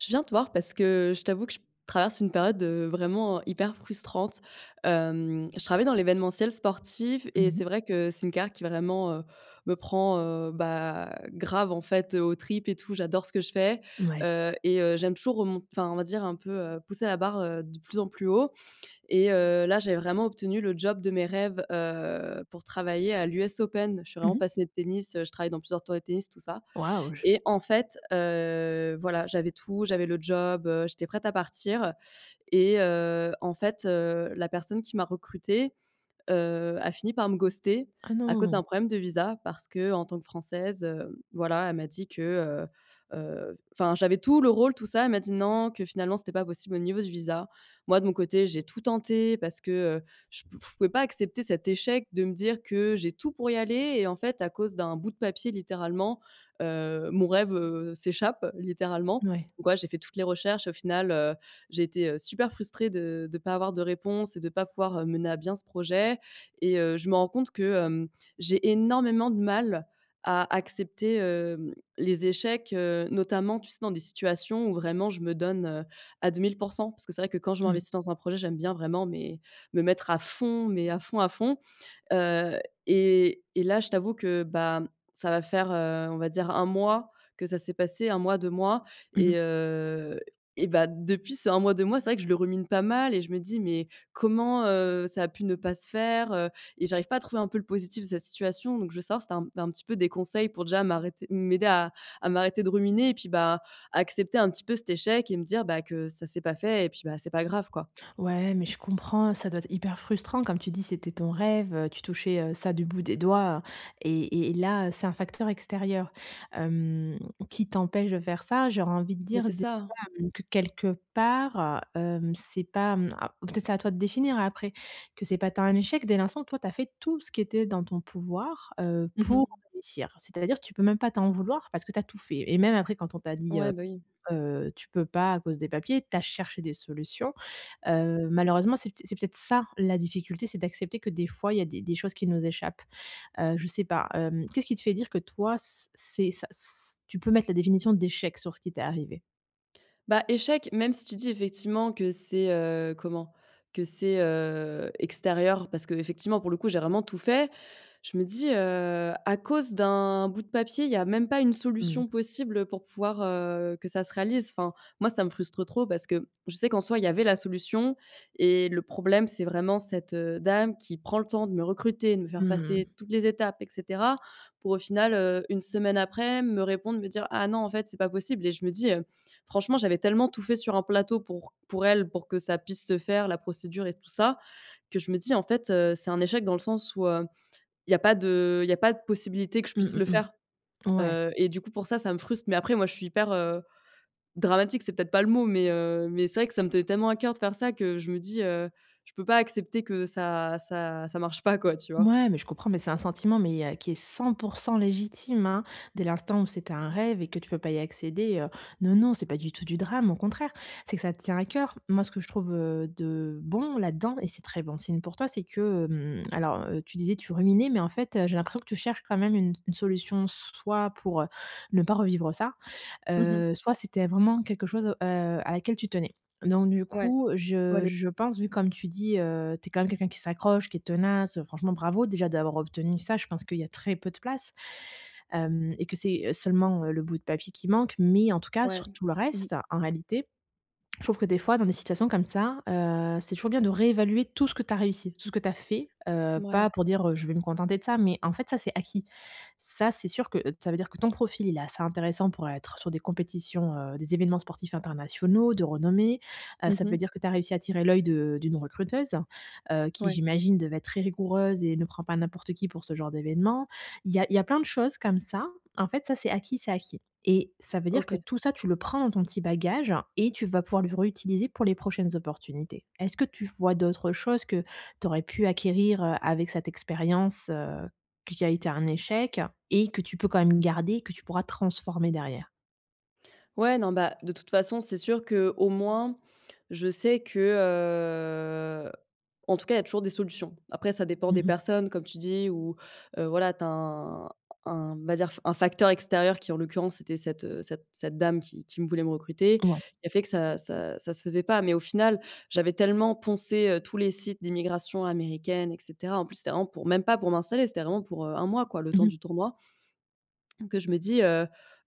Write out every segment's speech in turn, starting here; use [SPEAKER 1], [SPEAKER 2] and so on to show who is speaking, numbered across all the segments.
[SPEAKER 1] Je viens te voir parce que je t'avoue que je traverse une période, heu, vraiment, heu, hyper frustrante. Hem, je travaille dans l'événementiel sportif
[SPEAKER 2] Mmh
[SPEAKER 1] et c'est
[SPEAKER 2] mh.
[SPEAKER 1] vrai que c'est une carrière qui, vraiment, heu, me prend, heu, bah, grave, en fait, heu, aux tripes et tout. J'adore ce que je fais,
[SPEAKER 2] Mouais.
[SPEAKER 1] heu, et, heu, j'aime toujours au m enfin, on va dire un peu, heu, pousser la barre, heu, de plus en plus haut, et, heu, là, j'avais vraiment obtenu le job de mes rêves, heu, pour travailler à l'US Open. Je suis
[SPEAKER 2] Mmh
[SPEAKER 1] vraiment
[SPEAKER 2] mh.
[SPEAKER 1] passionnée de tennis, je travaille dans plusieurs tournois de tennis, tout ça.
[SPEAKER 2] Waouh, j
[SPEAKER 1] Et en fait, heu, voilà, j'avais tout, j'avais le job, heu, j'étais prête à partir et, heu, en fait, heu, la personne qui m'a recrutée, heu, a fini par me ghoster
[SPEAKER 2] Ah
[SPEAKER 1] à cause
[SPEAKER 2] non.
[SPEAKER 1] d'un problème de visa parce qu'en tant que française, heu, voilà, elle m'a dit que, heu, heu enfin, j'avais tout, le rôle, tout ça, elle m'a dit: «Non», que finalement c'était pas possible au niveau du visa. Moi de mon côté j'ai tout tenté parce que, heu, je pf je pouvais pas accepter cet échec de me dire que j'ai tout pour y aller et en fait à cause d'un bout de papier, littéralement, heu, mon rêve, heu, s'échappe, littéralement.
[SPEAKER 2] Mouais.
[SPEAKER 1] Donc voilà, j'ai fait toutes les recherches, au final, heu, j'ai été, heu, super frustrée de de pas avoir de réponse et de pas pouvoir, heu, mener à bien ce projet et, heu, je me rends compte que, hem, j'ai énormément de mal à accepter, heu, les échecs, heu, notamment, tu sais, dans des situations où vraiment je me donne, heu, à 2000 % parce que c'est vrai que quand je
[SPEAKER 2] Mmh.
[SPEAKER 1] m'investis dans un projet, j'aime bien vraiment, mais, me mettre à fond, mais à fond, à fond, heu, et et là je t'avoue que, ben, ça va faire, heu, on va dire 1 mois que ça s'est passé, 1 mois 2 mois
[SPEAKER 2] Mmh
[SPEAKER 1] et,
[SPEAKER 2] mh.
[SPEAKER 1] heu, et, bah, depuis ces 1 mois 2 mois, c'est vrai que je le rumine pas mal et je me dis: «Mais comment, heu, ça a pu ne pas se faire?», heu, et j'arrive pas à trouver un peu le positif de cette situation, donc je veux savoir si tu as un un petit peu des conseils pour déjà m'arrêter m'aider à à m'arrêter de ruminer, et puis, bah, à accepter un petit peu cet échec et me dire que ça s'est pas fait et puis, bah, c'est pas grave, quoi.
[SPEAKER 2] Ouais, mais je comprends, ça doit être hyper frustrant comme tu dis, c'était ton rêve, heu, tu touchais, heu, ça du bout des doigts, heu, et et là, heu, c'est un facteur extérieur, hem, qui t'empêche de faire ça. J'aurais envie de
[SPEAKER 1] Mais
[SPEAKER 2] dire,
[SPEAKER 1] c'est
[SPEAKER 2] déjà,
[SPEAKER 1] ça.
[SPEAKER 2] hem, que quelque part, heu, hem, c'est pas, mmh ou peut être c'est à toi de définir après, que c'est pas tant un échec dès l'instant, toi, tu as fait tout ce qui était dans ton pouvoir, heu,
[SPEAKER 1] Mmh
[SPEAKER 2] pour
[SPEAKER 1] mh.
[SPEAKER 2] réussir. C'est-à-dire tu peux même pas t'en vouloir parce que tu as tout fait et même après quand on t'a dit,
[SPEAKER 1] Ouais,
[SPEAKER 2] heu,
[SPEAKER 1] bah, oui.
[SPEAKER 2] heu: «Tu peux pas à cause des papiers» tu as cherché des solutions. Heu, malheureusement c'est pt c'est peut-être ça, la difficulté. C'est d'accepter que des fois, il y a des des choses qui nous échappent. Heu, je sais pas. Hem, qu'est-ce qui te fait dire que toi, c c'est ça, c' tu peux mettre la définition d'échec sur ce qui t'est arrivé?
[SPEAKER 1] Bah échec, même si tu dis effectivement que c'est, heu, comment? Que c'est, heu, extérieur parce qu'effectivement, pour le coup, j'ai vraiment tout fait. Je me dis, heu: «À cause d'un bout de papier, il y a même pas une
[SPEAKER 2] Mmh.
[SPEAKER 1] solution possible pour pouvoir, heu, que ça se réalise». Enfin, moi, ça me frustre trop parce que je sais qu'en soi, il y avait la solution et le problème, c'est vraiment cette, heu, dame qui prend le temps de me recruter, de me faire
[SPEAKER 2] Mmh
[SPEAKER 1] passer
[SPEAKER 2] mh.
[SPEAKER 1] toutes les étapes et cetera, pour au final, heu, 1 semaine après, me répondre, me dire: «Ah non, en fait, c'est pas possible» et je me dis, heu: «Franchement, j'avais tellement tout fait sur un plateau pour pour elle, pour que ça puisse se faire, la procédure et tout ça», que je me dis: «En fait, heu c'est un échec dans le sens où, heu, il y a pas de il y a pas de possibilité que je puisse
[SPEAKER 2] Mmh
[SPEAKER 1] le
[SPEAKER 2] mh
[SPEAKER 1] faire».
[SPEAKER 2] mh. Ouais.
[SPEAKER 1] Heu et du coup, pour ça ça me frustre. Mais après, moi, je suis hyper, heu, dramatique. C'est peut-être pas le mot mais, heu, mais c'est vrai que ça me tenait tellement à cœur de faire ça que je me dis, heu: «Je peux pas accepter que ça ça ça marche pas, quoi», tu vois?
[SPEAKER 2] Mouais, mais je comprends, mais c'est un sentiment, mais, heu, qui est 100 % légitime, hein. Dès l'instant où c'était un rêve et que tu peux pas y accéder, heu. Non, non, c'est pas du tout du drame, au contraire. C'est que ça te tient à cœur. Moi, ce que je trouve, heu, de bon là-dedans et c'est très bon signe pour toi, c'est que, hem, alors, heu, tu disais tu ruminais, mais en fait, heu, j'ai l'impression que tu cherches quand même une s une solution s soit pour, heu, ne pas revivre ça,
[SPEAKER 1] Mmh mh.
[SPEAKER 2] heu, soit c'était vraiment quelque chose, heu, à laquelle tu tenais. Donc du
[SPEAKER 1] Ouais.
[SPEAKER 2] coup,
[SPEAKER 1] Ouais
[SPEAKER 2] je
[SPEAKER 1] les
[SPEAKER 2] je pense, vu comme tu dis, heu, tu es quand même quelqu'un qui s'accroche, qui est tenace. Franchement, bravo, déjà d'avoir obtenu ça. Je pense qu'il y a très peu de place. Hem et que c'est, heu, seulement, heu, le bout de papier qui manque, mais en tout cas,
[SPEAKER 1] Ouais,
[SPEAKER 2] sur tout le
[SPEAKER 1] mmh.
[SPEAKER 2] reste, en réalité, je trouve que, des fois, dans des situations comme ça, heu, c'est toujours bien de réévaluer tout ce que tu as réussi, tout ce que tu as fait, heu,
[SPEAKER 1] Mouais.
[SPEAKER 2] pas pour dire, heu, je vais me contenter de ça. Mais en fait, ça, c'est acquis. Ça, c'est sûr que, heu, ça veut dire que ton profil, il est assez intéressant pour être sur des compétitions, heu, des événements sportifs internationaux, de renommée. Heu,
[SPEAKER 1] Mmh
[SPEAKER 2] ça veut
[SPEAKER 1] mh.
[SPEAKER 2] dire que tu as réussi à attirer l'œil de d'une recruteuse, heu, qui,
[SPEAKER 1] Ouais.
[SPEAKER 2] j'imagine, devait être très rigoureuse et ne prend pas n'importe qui pour ce genre d'événement. Il y a il y a plein de choses comme ça. En fait, ça, c'est acquis, c'est acquis. Et ça veut dire que
[SPEAKER 1] OK.
[SPEAKER 2] tout ça, tu le prends dans ton petit bagage et tu vas pouvoir le réutiliser pour les prochaines opportunités. Est-ce que tu vois d'autres choses que tu aurais pu acquérir, heu, avec cette expérience, heu, qui a été un échec et que tu peux quand même garder, que tu pourras transformer derrière?
[SPEAKER 1] Ouais, non, bah, de toute façon, c'est sûr qu'au moins, je sais que, heu, en tout cas il y a toujours des solutions. Après ça dépend
[SPEAKER 2] Mmh
[SPEAKER 1] des
[SPEAKER 2] mh.
[SPEAKER 1] personnes, comme tu dis ou, heu, voilà tu as un un, on va dire f un facteur extérieur, qui en l'occurrence était cette, heu, cette cette dame qui qui me voulait me recruter,
[SPEAKER 2] Ouais.
[SPEAKER 1] qui a fait que ça ça ça se faisait pas. Mais au final j'avais tellement poncé, heu, tous les sites d'immigration américaines et cetera, en plus c'était vraiment pour même pas pour m'installer, c'était vraiment pour, heu, 1 mois quoi, le
[SPEAKER 2] Mmh
[SPEAKER 1] temps
[SPEAKER 2] mh.
[SPEAKER 1] du tournoi que je me dis, heu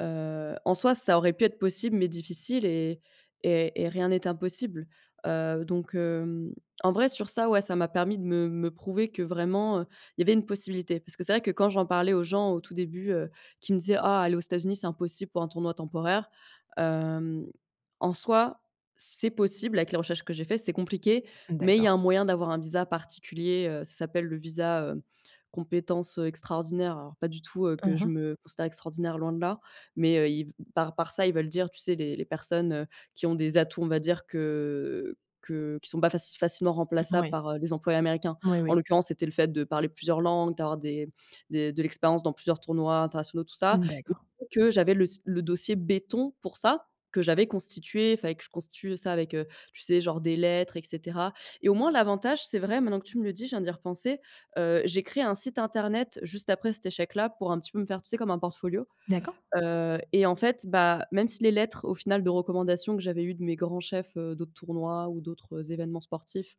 [SPEAKER 1] heu, en soi ça aurait pu être possible mais difficile et et et rien n'est impossible, heu, donc hem, en vrai, sur ça ouais, ça m'a permis de me me prouver que, vraiment, heu, il y avait une possibilité. Parce que c'est vrai que, quand j'en parlais aux gens, au tout début, heu, qui me disaient: «Ah aller aux États-Unis, c'est impossible pour un tournoi temporaire» hem, en soi, c'est possible avec les recherches que j'ai fait. C'est compliqué, mais il y
[SPEAKER 2] D'accord.
[SPEAKER 1] a un moyen d'avoir un visa particulier, heu, ça s'appelle le visa, heu, compétences, heu, extraordinaires. Alors, pas du tout, heu,
[SPEAKER 2] Hein,
[SPEAKER 1] que je
[SPEAKER 2] hein.
[SPEAKER 1] me considère extraordinaire loin de là, mais, heu, ils v par par ça ils veulent dire, tu sais, les les personnes, heu, qui ont des atouts, on va dire que que qui sont pas faci facilement
[SPEAKER 2] Mmh,
[SPEAKER 1] remplaçables
[SPEAKER 2] mouais.
[SPEAKER 1] par, heu, les employés américains.
[SPEAKER 2] Moui,
[SPEAKER 1] En
[SPEAKER 2] oui.
[SPEAKER 1] l'occurrence, c'était le fait de parler plusieurs langues, d'avoir des des de l'expérience dans plusieurs tournois internationaux tout ça,
[SPEAKER 2] Mmh,
[SPEAKER 1] [unintelligible]
[SPEAKER 2] d'accord.
[SPEAKER 1] que j'avais le s le dossier béton pour ça, que j'avais constitué. Il fallait que je constitue le ça avec, heu, tu sais, genre des lettres et cetera. Et au moins l'avantage, c'est vrai maintenant que tu me le dis, je viens d'y repenser, heu, j'ai créé un site internet juste après cet échec-là, pour un petit peu me faire, tu sais, comme un portfolio.
[SPEAKER 2] D'accord.
[SPEAKER 1] Heu, et en fait, bah, même si les lettres au final de recommandation que j'avais eues de mes grands chefs, heu, d'autres tournois ou d'autres, heu, événements sportifs,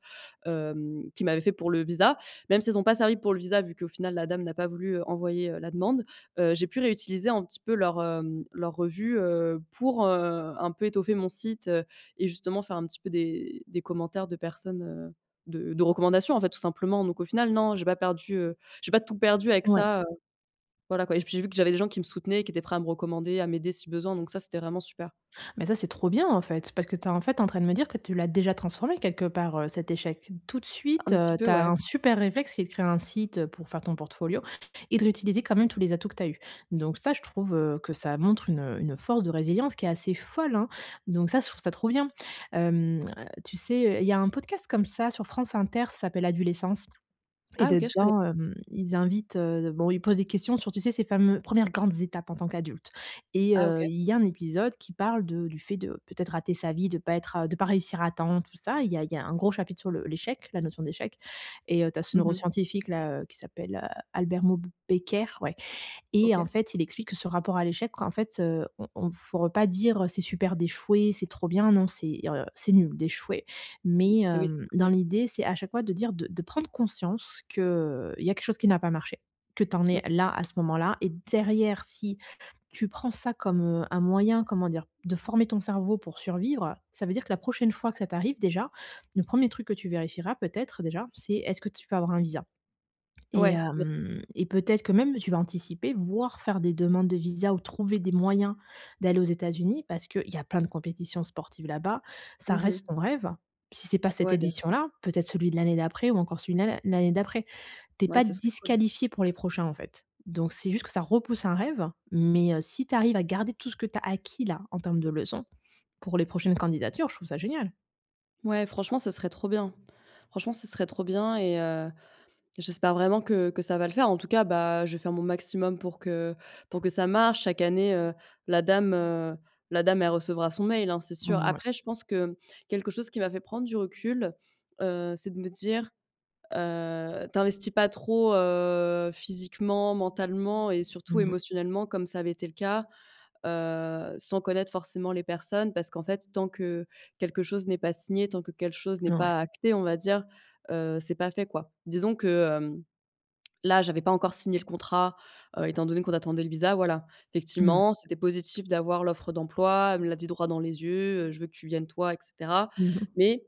[SPEAKER 1] hem, qu'ils m'avaient fait pour le visa, même s'ils ont pas servi pour le visa, vu qu'au final la dame n'a pas voulu, heu, envoyer, heu, la demande, heu, j'ai pu réutiliser un petit peu leur, hem, leur revue, heu, pour, heu, un peu étoffer mon site, heu, et justement faire un petit peu des des commentaires de personnes, heu, de de recommandations en fait, tout simplement. Donc au final, non, j'ai pas perdu, heu, j'ai pas tout perdu avec
[SPEAKER 2] Ouais.
[SPEAKER 1] ça, heu, voilà quoi. Et j puis j'ai vu que j'avais des gens qui me soutenaient et qui étaient prêts à me recommander, à m'aider si besoin, donc ça c'était vraiment super.
[SPEAKER 2] Mais ça, c'est trop bien en fait! Parce que tu es, en fait, en train de me dire que tu l'as déjà transformé quelque part, heu, cet échec. Tout de suite,
[SPEAKER 1] Un petit
[SPEAKER 2] heu,
[SPEAKER 1] peu
[SPEAKER 2] tu as
[SPEAKER 1] ouais.
[SPEAKER 2] un super réflexe qui est de créer un site, heu, pour faire ton portfolio et de réutiliser quand même tous les atouts que tu as eus. Donc ça, je trouve, heu, que ça montre une, heu, une force de résilience qui est assez folle, hein. Donc ça, je trouve ça trop bien, hem, heu, tu sais, heu, il y a un podcast comme ça sur France Inter, ça s'appelle «Adulescence», et
[SPEAKER 1] Ah OK je connais
[SPEAKER 2] dedans, hem, ils invitent, heu, de bon ils posent des questions sur, tu sais, ces fameux, 1ères grandes étapes en tant qu'adulte. Et
[SPEAKER 1] Ah
[SPEAKER 2] heu,
[SPEAKER 1] OK.
[SPEAKER 2] il y a un épisode qui parle de du fait de peut-être rater sa vie, de pas être heu, de pas réussir à temps tout ça, il y a il y a un gros chapitre sur le l'échec, la notion d'échec. Et heu, tu as ce
[SPEAKER 1] Mmh mh.
[SPEAKER 2] neuroscientifique là, heu, qui s'appelle, heu, Albert Moukheiber, ouais, et en
[SPEAKER 1] OK.
[SPEAKER 2] fait, il explique que ce rapport à l'échec, en fait, heu, on on faut re pas dire, heu: «C'est super d'échouer, c'est trop bien.» Non c'est, heu, c'est nul d'échouer.
[SPEAKER 1] Mmh,
[SPEAKER 2] Mais,
[SPEAKER 1] ça oui, c'est
[SPEAKER 2] hem, dans
[SPEAKER 1] clair.
[SPEAKER 2] l'idée, c'est, à chaque fois de dire, de de prendre conscience que, heu, il y a quelque chose qui n'a pas marché, que tu en
[SPEAKER 1] Mmh.
[SPEAKER 2] es là, à ce moment-là, et derrière, si tu prends ça comme, heu, un moyen, comment dire? De former ton cerveau pour survivre, ça veut dire que la prochaine fois que ça t'arrive, déjà, le 1er truc que tu vérifieras peut-être, déjà, c'est, est-ce que tu vas avoir un visa? Et,
[SPEAKER 1] Ouais b
[SPEAKER 2] hem, et peut-être que même, tu vas anticiper, voire faire des demandes de visa ou trouver des moyens d'aller aux États-Unis, parce qu'il y a plein de compétitions sportives là-bas. Ça
[SPEAKER 1] Mmh mh.
[SPEAKER 2] reste ton rêve. Si c'est pas cette
[SPEAKER 1] Ouais bien sûr.
[SPEAKER 2] édition-là, peut-être celui de l'année d'après, ou encore celui de l'ann à l'année d'après. Tu es
[SPEAKER 1] Ouais,
[SPEAKER 2] pas
[SPEAKER 1] ce serait cool.
[SPEAKER 2] disqualifiée pour les prochains en fait. Donc c'est juste que ça repousse un rêve, mais, heu, si tu arrives à garder tout ce que tu as acquis-là, en termes de leçons pour les prochaines candidatures, je trouve ça génial.
[SPEAKER 1] Ouais, franchement, ce serait trop bien. Franchement, ce serait trop bien et heu, j'espère vraiment que que ça va le faire. En tout cas, bah, je vais faire mon maximum pour que pour que ça marche. Chaque année, heu, la dame, heu, la dame, elle recevra son mail hein, c'est sûr.
[SPEAKER 2] Mmh ouais.
[SPEAKER 1] Après je pense que, mmh, quelque chose chose qui m'a fait prendre du recul, heu, c'est de me dire, heu: «t'investis pas trop, heu, physiquement, mentalement et
[SPEAKER 2] Mmh
[SPEAKER 1] surtout
[SPEAKER 2] mh.
[SPEAKER 1] émotionnellement, comme ça avait été le cas, heu, sans connaître forcément les personnes.» parce qu'en fait, tant que quelque chose n'est pas signé, tant que quelque chose n'est
[SPEAKER 2] Ouais.
[SPEAKER 1] pas acté, on va dire, heu, c'est pas fait, quoi. Disons que, hem, là j'avais pas encore signé le contrat, heu, étant donné qu'on attendait le visa, voilà.
[SPEAKER 2] Mmh.
[SPEAKER 1] Effectivement, c'était positif d'avoir l'offre d'emploi, elle me l'a dit, droit dans les yeux, heu: «je veux que tu viennes toi» et cetera,
[SPEAKER 2] Mmh mh.
[SPEAKER 1] mais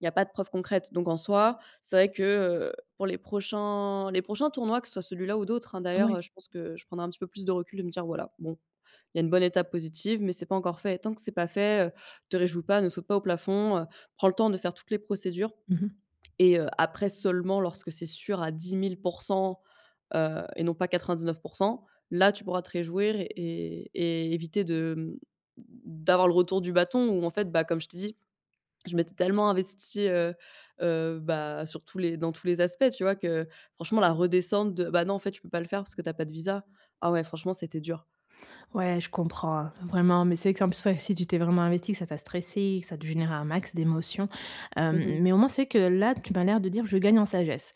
[SPEAKER 1] il y a pas de preuves concrètes. Donc en soi, c'est vrai que, heu, pour les prochains les prochains tournois, que ce soit celui-là ou d'autres hein, d'ailleurs,
[SPEAKER 2] Ouais.
[SPEAKER 1] heu, je pense que je prendrai un petit peu plus de recul, de me dire: «Voilà bon, il y a une bonne étape positive, mais c'est pas encore fait. Et tant que c'est pas fait, heu, te réjouis pas, ne saute pas au plafond, heu, prends le temps de faire toutes les procédures
[SPEAKER 2] Mmh mh.
[SPEAKER 1] et heu, après seulement lorsque c'est sûr à 10 000 % heu, et non pas 99 %, là tu pourras te réjouir et et éviter de, mmh, d d'avoir le retour du bâton» où en fait bah, comme je t'ai dit, je m'étais tellement investie, heu heu, bah, sur tous les dans tous les aspects, tu vois? Que franchement la redescente de, bah, non en fait, tu peux pas le faire parce que tu as pas de visa, ah ouais franchement c'était dur.
[SPEAKER 2] Ouais, je comprends hein, vraiment. Mais c'est que s en p ouais c'est si tu t'es vraiment investie, que ça t'a stressée, et que ça te générait un max d'émotions,
[SPEAKER 1] Mmh mh.
[SPEAKER 2] hem, mais au moins, c'est que là, tu m'as l'air de dire: «Je gagne en sagesse.»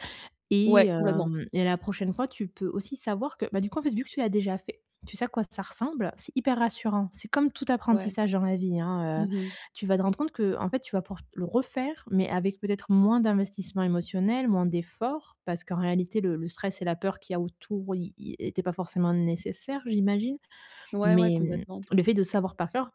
[SPEAKER 2] et
[SPEAKER 1] Ouais complètement.
[SPEAKER 2] hem, et la prochaine fois, tu peux aussi savoir que, bah, du coup, vu que tu l'as déjà fait, tu sais à quoi ça ressemble, c'est hyper rassurant. C'est comme tout
[SPEAKER 1] Ouais.
[SPEAKER 2] apprentissage dans la vie, hein, heu,
[SPEAKER 1] Mmh mh.
[SPEAKER 2] tu vas te rendre compte qu'en fait, tu vas pouvoir le refaire, mais avec peut-être moins d'investissement émotionnel, moins d'efforts, parce qu'en réalité le le stress et la peur qu'il y a autour, ils ils étaient pas forcément nécessaires, j'imagine.
[SPEAKER 1] Ouais ouais,
[SPEAKER 2] Mais, mmh,
[SPEAKER 1] complètement.
[SPEAKER 2] le fait de savoir par cœur,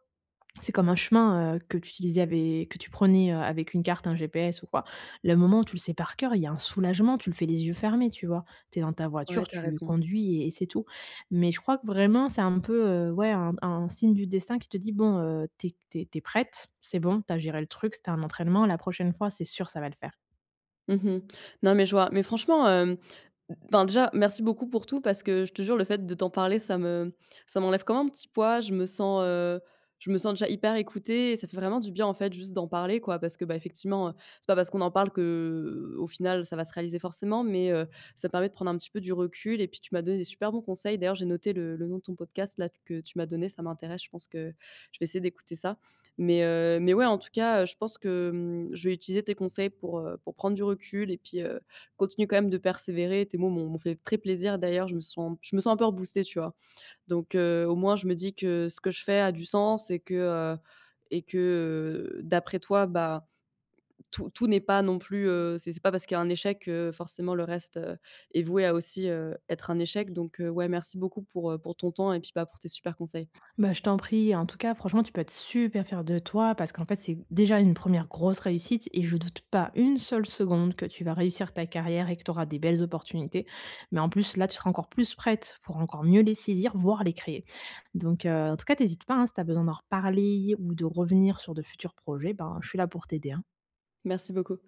[SPEAKER 2] c'est comme un chemin, heu, que tu utilisais avé que tu prenais, heu, avec une carte, un GPS ou quoi. Le moment où tu le sais par cœur, il y a un soulagement, tu le fais les yeux fermés, tu vois? Tu es dans ta
[SPEAKER 1] Ouais
[SPEAKER 2] voiture,
[SPEAKER 1] tu as
[SPEAKER 2] tu
[SPEAKER 1] raison.
[SPEAKER 2] conduis et et c'est tout. Mais je crois que, vraiment, c'est un peu, heu, ouais, un un signe du destin qui te dit: «Bon, heu, tu es qu tu es tu es prête, c'est bon tu as géré le truc, c'était un entraînement la prochaine fois c'est sûr ça va le faire.»
[SPEAKER 1] Mmh mh. Non mais je vois, mais franchement, hem, enfin, déjà, merci beaucoup pour tout. Parce que je te jure, le fait de t'en parler, ça me ça m'enlève comme un petit poids. Je me sens, heu, je me sens déjà hyper écoutée et ça fait vraiment du bien, en fait, juste d'en parler quoi. Parce que, bah, effectivement, heu, c'est pas parce qu'on en parle, qu'au final ça va se réaliser forcément. Mais, heu, ça permet de prendre un petit peu du recul et puis tu m'as donné des super bons conseils, d'ailleurs j'ai noté le le nom de ton podcast là que tu m'as donné, ça m'intéresse, je pense que je vais essayer d'écouter ça. Mais, heu, mais ouais en tout cas, heu, je pense que, mmh, je vais utiliser tes conseils pour, heu, pour prendre du recul et puis, heu, continuer quand même de persévérer, tes mots m'ont m'ont fait très plaisir d'ailleurs. Je me sens je me sens un peu reboostée tu vois? Donc, heu, au moins, je me dis que ce que je fais a du sens et que, heu, et que, heu, d'après toi, bah, tout tout n'est pas non plus, heu, c'est c'est pas parce qu'il y a un échec que forcément le reste, heu, est voué à aussi, heu, être un échec donc, heu, ouais, merci beaucoup pour, heu, pour ton temps et puis, bah, pour tes super conseils.
[SPEAKER 2] Bah, je t'en prie, en tout cas franchement, tu peux être super fière de toi, parce qu'en fait, c'est déjà une 1ère grosse réussite et je doute pas une seule seconde que tu vas réussir ta carrière et que tu auras des belles opportunités. Mais en plus là, tu seras encore plus prête, pour encore mieux les saisir, voire les créer. Donc, heu, en tout cas, tu hésites pas, hein, si tu as besoin d'en reparler ou de revenir sur de futurs projets, ben, je suis là pour t'aider, hein.
[SPEAKER 1] Merci beaucoup.